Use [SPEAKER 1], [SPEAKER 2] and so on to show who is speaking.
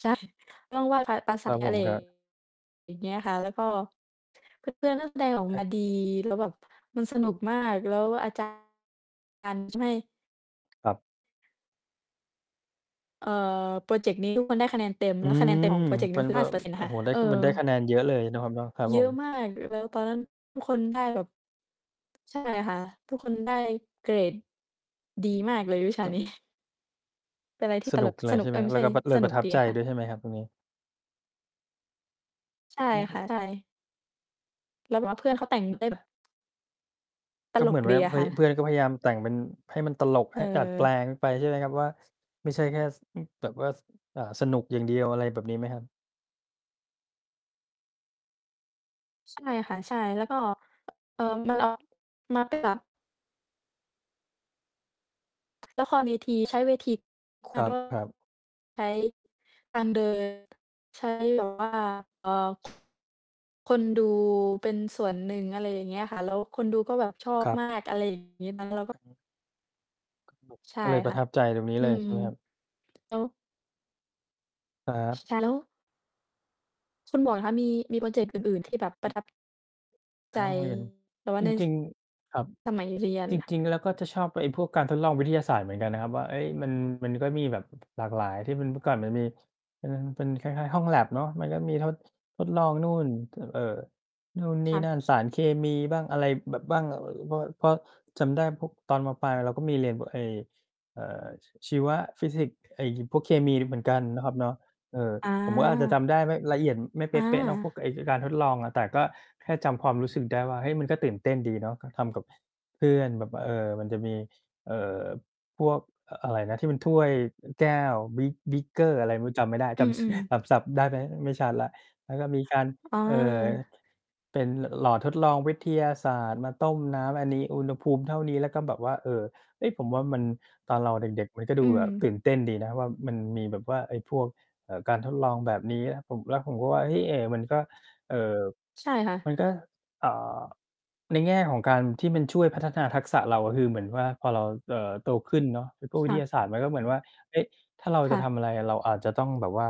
[SPEAKER 1] ใช่ ต้องไหว้ พระ ป ส
[SPEAKER 2] ครับผ
[SPEAKER 1] อะไร
[SPEAKER 2] ม ครับ
[SPEAKER 1] อย่างเงี้ยค่ะ แล้วก็ เพื่อน ๆ ก็ แสดงออก
[SPEAKER 2] คร
[SPEAKER 1] ม
[SPEAKER 2] ั
[SPEAKER 1] า ดี
[SPEAKER 2] บ
[SPEAKER 1] แล้วแบบมัน สนุก มาก แล้วก็อา จารย์ การช่วย
[SPEAKER 2] ครับ
[SPEAKER 1] เอ่อ พรอเจกต์นี้ ทุกคน ได้คะแนนเต็ม
[SPEAKER 2] อ
[SPEAKER 1] แ
[SPEAKER 2] ื
[SPEAKER 1] ล้วคะแนน
[SPEAKER 2] ม
[SPEAKER 1] เต็มของพรอเจกต์นี้
[SPEAKER 2] ม
[SPEAKER 1] ม
[SPEAKER 2] ั
[SPEAKER 1] ั
[SPEAKER 2] น
[SPEAKER 1] นคือ
[SPEAKER 2] ก
[SPEAKER 1] ห
[SPEAKER 2] ็
[SPEAKER 1] ้าสิบเปอร์เซ็นต์ น
[SPEAKER 2] โอ
[SPEAKER 1] ะ
[SPEAKER 2] ้
[SPEAKER 1] ค่ะ
[SPEAKER 2] โฮ ได้
[SPEAKER 1] เออ
[SPEAKER 2] มันได้คะแนนเยอะเลยนะครับเนาะ ครับ
[SPEAKER 1] เยอ
[SPEAKER 2] ผ
[SPEAKER 1] ะ
[SPEAKER 2] ม
[SPEAKER 1] มาก แล้วตอนนั้นทุกคนได้แบบ ใช่ค่ะ ทุกคนได้ เกรด ดี
[SPEAKER 2] อืม
[SPEAKER 1] มากเลยวิชา
[SPEAKER 2] ครั
[SPEAKER 1] น
[SPEAKER 2] บ
[SPEAKER 1] ี้ เป็นอะไรที
[SPEAKER 2] ส
[SPEAKER 1] ่ต
[SPEAKER 2] นุ
[SPEAKER 1] ล
[SPEAKER 2] ก
[SPEAKER 1] ก
[SPEAKER 2] เล
[SPEAKER 1] ส
[SPEAKER 2] ย
[SPEAKER 1] นุ
[SPEAKER 2] ใช
[SPEAKER 1] ก
[SPEAKER 2] ่ไ
[SPEAKER 1] เ
[SPEAKER 2] ห
[SPEAKER 1] อ
[SPEAKER 2] ม?
[SPEAKER 1] ๊ย ไม
[SPEAKER 2] แ
[SPEAKER 1] ่
[SPEAKER 2] ล้
[SPEAKER 1] ใ
[SPEAKER 2] ว
[SPEAKER 1] ช่
[SPEAKER 2] ก็ ป เล
[SPEAKER 1] ส
[SPEAKER 2] ยป
[SPEAKER 1] น
[SPEAKER 2] ร
[SPEAKER 1] ุก
[SPEAKER 2] ะทับ
[SPEAKER 1] ดี
[SPEAKER 2] ใจ
[SPEAKER 1] ค่ะ
[SPEAKER 2] ด้วยใช่ไหมครับตรงนี้?
[SPEAKER 1] ใช่
[SPEAKER 2] อื
[SPEAKER 1] ค
[SPEAKER 2] ม
[SPEAKER 1] ่ะ ใช่ แล้วแบบว่าเพื่อนเขาแต่งได้แบบ ต
[SPEAKER 2] ก็
[SPEAKER 1] ล
[SPEAKER 2] เหม
[SPEAKER 1] ก
[SPEAKER 2] ือน
[SPEAKER 1] ด
[SPEAKER 2] ว่า
[SPEAKER 1] ีอ
[SPEAKER 2] เ
[SPEAKER 1] ะ
[SPEAKER 2] ฮ
[SPEAKER 1] ค
[SPEAKER 2] ้
[SPEAKER 1] ่
[SPEAKER 2] ย เพ
[SPEAKER 1] ะ
[SPEAKER 2] ื่อนก็พยายามแต่งเป็น ให้มันตลก ห ดัดแปล
[SPEAKER 1] เออ
[SPEAKER 2] งไปใช่ไหมครับว่า ไม่ใช่แค่ ส อ แบบว่า ส อ่า สนุกอย่าง เดียว อะไรแบบนี้ไหมครับ?
[SPEAKER 1] ใช่ค่ะ ใช่ แล้วก็ อ มัน ออ น็อต ค่ะ ละครเวทีใช้เวที ค
[SPEAKER 2] ค
[SPEAKER 1] ่ะ
[SPEAKER 2] ร
[SPEAKER 1] แล้วก็
[SPEAKER 2] ับ ๆ
[SPEAKER 1] ใช้ การเดิน ใช้แบบว่า เอ่อ คนดูเป็นส่วนหนึ่ง อะไรอย่างเงี้ยค่ะ แล้วคนดูก็แบบชอ
[SPEAKER 2] ค
[SPEAKER 1] บ
[SPEAKER 2] รั
[SPEAKER 1] ม
[SPEAKER 2] บ
[SPEAKER 1] าก อะไร แล้วก็
[SPEAKER 2] อือฮึ ก็แบบ
[SPEAKER 1] ใช่
[SPEAKER 2] ก็เลยป
[SPEAKER 1] ค
[SPEAKER 2] ร
[SPEAKER 1] ่
[SPEAKER 2] ะ
[SPEAKER 1] ะ
[SPEAKER 2] ทับใจตรงนี้
[SPEAKER 1] อ
[SPEAKER 2] เ
[SPEAKER 1] ื
[SPEAKER 2] ลย
[SPEAKER 1] ม
[SPEAKER 2] ใช่ไหมครับ?
[SPEAKER 1] แล้ว
[SPEAKER 2] ครับ
[SPEAKER 1] ค่ะ แล้ว คุณหมวกคะ มี มีพรอเจกต์อื่น ๆ ที่แบบปร
[SPEAKER 2] อื
[SPEAKER 1] ะ
[SPEAKER 2] อ
[SPEAKER 1] ทับ
[SPEAKER 2] ใ
[SPEAKER 1] ใ
[SPEAKER 2] น
[SPEAKER 1] จ
[SPEAKER 2] ห้องเรียน
[SPEAKER 1] แต่ว่า
[SPEAKER 2] จ
[SPEAKER 1] เนื่ย
[SPEAKER 2] ร
[SPEAKER 1] ส
[SPEAKER 2] ิง ๆ ครับ
[SPEAKER 1] สมัย เรียน
[SPEAKER 2] จ
[SPEAKER 1] ล่ะ
[SPEAKER 2] ริง ๆ แล้วก็จะชอบก็ไอ้พวกการทดลองวิทยาศาสตร์เหมือนกันนะครับว่า เอ๊ย มัน มันก็มีแบบหลากหลาย ที่มัน เมื่อก่อนมันมีเป็น เป็นคล้าย ๆ ห้องแล็บเนาะ มันก็มีทด ทดลองนู่น ถ เอ่อ นู่นน
[SPEAKER 1] ค
[SPEAKER 2] ี่
[SPEAKER 1] ่ะ
[SPEAKER 2] นั่น สารเคมีบ้าง อะไรแบบ บ้าง พอ พอจำได้พวก ตอน ม. ปลายเราก็มีเรียนพวกไอ้ เอ่อ ชีวะ ฟิสิกส์ ไอ้ ย พวกเคมีน่ะเหมือนกันนะครับเนาะ เออ
[SPEAKER 1] อ
[SPEAKER 2] ผมก็อาจจะจ
[SPEAKER 1] า
[SPEAKER 2] ำได้ไม่ละเอียด ไม่เ
[SPEAKER 1] อ
[SPEAKER 2] ปะ ๆ เนาะ พว
[SPEAKER 1] า
[SPEAKER 2] กไอ้ ไอ้การทดลองอะ แต่ก็แค่จำความรู้สึกได้ว่า เฮ้ย มันก็ตื่นเต้นดีเนาะ ก็ทำกับ เพื่อนแบบว่า เออ มันจะมี เอ่อ พวก เอ่อ อะไรนะ ที่มันถ้วย อ แก้ว Beak Beaker อะไรไม่รู้จำไม่ได้
[SPEAKER 1] อ
[SPEAKER 2] จ
[SPEAKER 1] ื
[SPEAKER 2] ำ ส
[SPEAKER 1] อ ๆ
[SPEAKER 2] จำศัพท์ได้ไหม? ไม่ชัดแล้ว แล้วก็มีการ
[SPEAKER 1] อ๋อ
[SPEAKER 2] เอ่อ เป็น ล หลอดทดลองวิทยาศาสตร์มาต้มน้ำ อันนี้อุณหภูมิเท่านี้ แล้วก็แบบว่า เออ เอ๊ย ผมว่ามัน ตอนเราเด็ก ๆ มันก็ด
[SPEAKER 1] อื
[SPEAKER 2] ูแบบ
[SPEAKER 1] ม
[SPEAKER 2] ตื่นเต้นดีนะว่า มันมีแบบว่าไอ้พวก เอ่อ การทดลองแบบนี้อะ ผม แล้วผมก็ว่า เฮ้ย เอ มันก็ เอ่อ
[SPEAKER 1] ใช่ค่ะ
[SPEAKER 2] มันก็ อ่า ในแง่ของการที่มันช่วยพัฒนาทักษะเรา คือเหมือนว่าพอเรา เอ่อ โตขึ้นเนาะ ไอ้ตู้ว
[SPEAKER 1] ค
[SPEAKER 2] ิ
[SPEAKER 1] ่
[SPEAKER 2] ท
[SPEAKER 1] ะ
[SPEAKER 2] ยาศาสตร์มันก็เหมือนว่า เอ๊ะ ถ้าเรา
[SPEAKER 1] ค
[SPEAKER 2] จ
[SPEAKER 1] ่
[SPEAKER 2] ะ
[SPEAKER 1] ะ
[SPEAKER 2] ทำอะไรอะ เราอาจจะต้องแบบว่า